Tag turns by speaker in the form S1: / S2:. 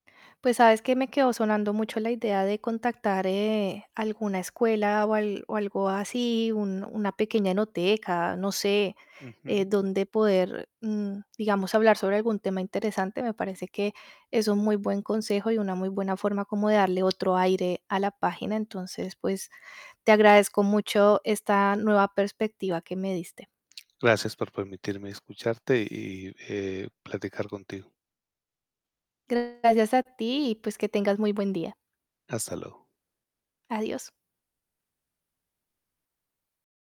S1: Pues, sabes, que me quedó sonando mucho la idea de contactar, eh, alguna escuela, o al o algo así, un una pequeña enoteca, no sé, eh,
S2: Ujú.
S1: donde poder, mm, digamos, hablar sobre algún tema interesante. Me parece, que es un muy buen consejo y una muy buena forma, como de darle otro aire a la página. Entonces, pues, te agradezco mucho esta nueva perspectiva que me diste.
S2: Gracias por permitirme escucharte, y, eh, platicar contigo.
S1: Gracias a ti, y pues, que tengas muy buen día.
S2: Hasta luego.
S1: Adiós.